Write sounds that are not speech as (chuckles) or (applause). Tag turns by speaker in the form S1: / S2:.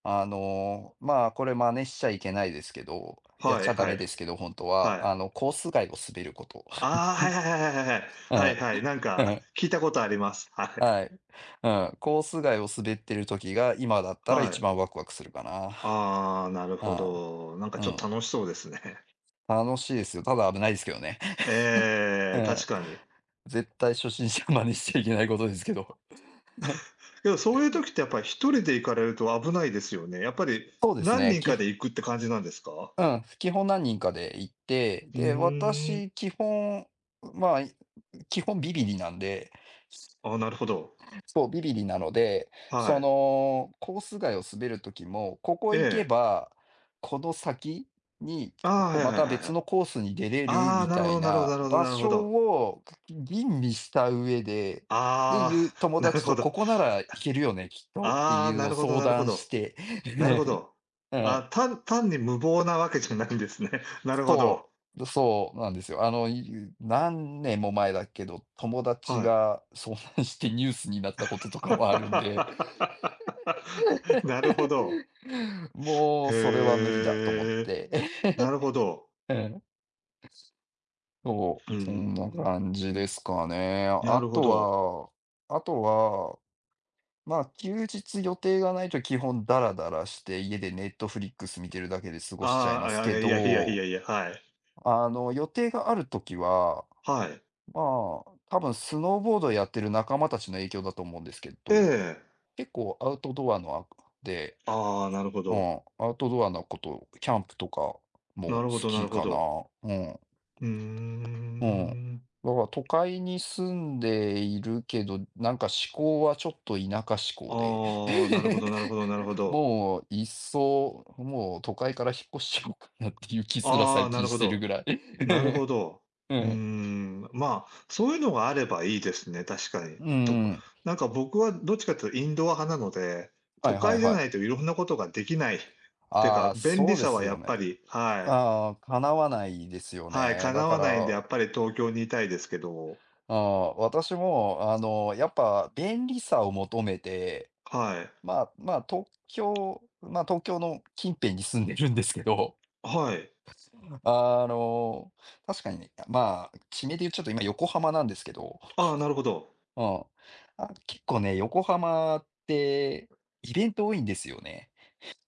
S1: あの、ま、これ真似しちゃいけないですけど、やっ
S2: はい
S1: ちゃダ
S2: はい、
S1: メですけど本当は
S2: は
S1: あ
S2: い。
S1: のコース外を滑ること。
S2: ああ、はいはいはいはいはいはい。
S1: (chuckles) う
S2: はい
S1: ん、
S2: はい、なん
S1: う
S2: か
S1: ん。
S2: 聞いたことあります、はい。
S1: はい。うん。コース外を滑っている時が、今だったらい
S2: は
S1: ち
S2: い。
S1: ばんワクワクするか
S2: ああ、なるほ
S1: な。
S2: ど。なんか
S1: うん、
S2: ちょっ
S1: うん。
S2: と楽しそうですね。(chuckles)
S1: 楽しいですよ。ただ危ないですけどね。(chuckles)
S2: え
S1: う
S2: え、確
S1: ん。
S2: かに。
S1: 絶対初心者真似しちゃいけないことですけど。
S2: (chuckles) でも、そういう
S1: (chuckles)
S2: 時ってやっぱり1人で行かれると危ないですよね。やっぱり、
S1: そうです
S2: 何
S1: ね、
S2: 人
S1: き
S2: かで
S1: ふ
S2: 行くって感じなんですか？
S1: うん、基本何人かで行って、
S2: ふ
S1: で、
S2: ーん。
S1: 私基本、ま、基本ビビりなんで。そ
S2: ああ、なるほど。
S1: そう、ビビりなので、そ
S2: はい。
S1: の、コース外を滑る時も、ここ
S2: え
S1: 行け
S2: え。
S1: ば、この先に、
S2: ああ、
S1: こ
S2: は
S1: う
S2: いは
S1: ま
S2: い
S1: た
S2: はいは
S1: 別
S2: い。
S1: のコースに出れる
S2: ああ、
S1: み
S2: なる
S1: た
S2: ほ
S1: い
S2: どなるほど
S1: な
S2: なるほど
S1: 場
S2: なるほ
S1: 所
S2: ど。
S1: を吟味した上で、で
S2: あ
S1: いう
S2: あ、
S1: 友
S2: なる
S1: 達
S2: ほ
S1: とこ
S2: ど。
S1: こなら行けるよね、きっとって
S2: あ
S1: い
S2: あ、
S1: う
S2: な
S1: のを
S2: るほど、
S1: 相
S2: なるほ
S1: 談し
S2: ど。
S1: て、
S2: なるほ
S1: (chuckles)
S2: ど。
S1: うん。
S2: ああ、単単に無謀なわけじゃないんですね、なるほど。
S1: そう、そうなんですよ。あの、い何年も前だけど、友達
S2: はい。
S1: が遭難してニュースになったこととかもあるんで、
S2: (laughs) なるほど。
S1: (chuckles) もうそれは無理だと思っ
S2: へえ、
S1: て。
S2: なるほ
S1: (chuckles)
S2: ど。
S1: うん。そ
S2: うー
S1: う、そんな感じで
S2: ん。
S1: すかね。
S2: なるほ
S1: 後
S2: ど。
S1: は後はま、休日予定がないと基本ダラダラして、家でネットフリックス見てるだけで過ご
S2: あ
S1: しちゃいます
S2: あ、あ、
S1: け
S2: いやいやい
S1: ど。
S2: やいや、はい。
S1: あの、予定がある時は、
S2: はい。
S1: ま、多分スノーボードをやっている仲間たちの影響だと思うんですけ
S2: え
S1: ど、
S2: え。
S1: 結構アウトドアのあくんで、
S2: ああ、なるほ
S1: う
S2: ど。
S1: ん、アウトドアのこと、キャンプとか
S2: な
S1: も好
S2: るほど、な
S1: き
S2: るほ
S1: かな。
S2: ど。
S1: うん。
S2: ふー
S1: うん。だ
S2: ん。
S1: から都会に住んでいるけど、なんか思考はちょっと田舎思考で。
S2: ああ、なるほど、
S1: (chuckles)
S2: なるほど、なるほど。
S1: もういっそ、もう都会から引っ越しちゃおうかなっていう気すら
S2: ああ、
S1: 最
S2: な
S1: 近
S2: る
S1: し
S2: ほ
S1: てる
S2: ど。
S1: ぐらい。
S2: なるほ
S1: (chuckles)
S2: ど。
S1: う
S2: うー
S1: ん。
S2: ん、ま、そういうのがあればいいですね、確かに。
S1: うん
S2: と、
S1: うん。
S2: なんか僕はどっちかっていうとインドア派なので、
S1: は
S2: 都
S1: いは
S2: 会
S1: い
S2: じゃ
S1: はい。
S2: ないと色んなことができないって
S1: あ
S2: か、
S1: あ、
S2: 便利
S1: そうで
S2: さは
S1: す
S2: や
S1: よ
S2: っ
S1: ね。
S2: ぱり、はい。
S1: ああ、叶わないですよ
S2: はい、
S1: ね。だ
S2: 叶
S1: か
S2: わないんで、や
S1: ら。
S2: っぱり東京にいたいですけど。
S1: ああ、私も、あの、やっぱ便利さを求めて、
S2: はい。
S1: まま、東京、ま、東京の近辺に住んでるんですけど。
S2: はい。
S1: あの、確かに、ま、地名でいうちょっと今横浜なんですけど、
S2: うん。ああ、なるほど。
S1: (chuckles) うん。あ、結構ね、横浜ってイベント多いんですよね。